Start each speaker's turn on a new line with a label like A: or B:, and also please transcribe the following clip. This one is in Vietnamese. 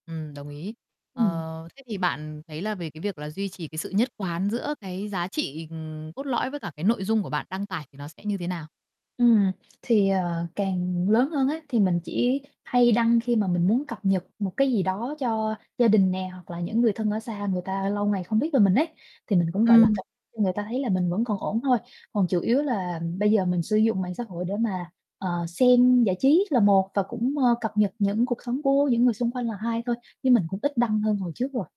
A: Ừm, đồng ý.
B: Ừm.
A: Ờ, thế thì bạn thấy là về cái việc là duy trì cái sự nhất quán giữa cái giá trị, ừm, cốt lõi, với cả cái nội dung của bạn đăng tải thì nó sẽ như thế nào?
B: Ừm, thì, ờ, càng lớn hơn á, thì mình chỉ hay đăng khi mà mình muốn cập nhật một cái gì đó cho gia đình nè, hoặc là những người thân ở xa người ta lâu ngày không biết về mình ấy, thì mình cũng, gọi là,
A: Ừm.
B: cập cho người ta thấy là mình vẫn còn ổn thôi, còn chủ yếu là bây giờ mình sử dụng mạng xã hội để mà, ờ, xem giải trí là một và cũng, ơ, cập nhật những cuộc sống của những người xung quanh là hai thôi như mình cũng ít đăng hơn hồi trước rồi.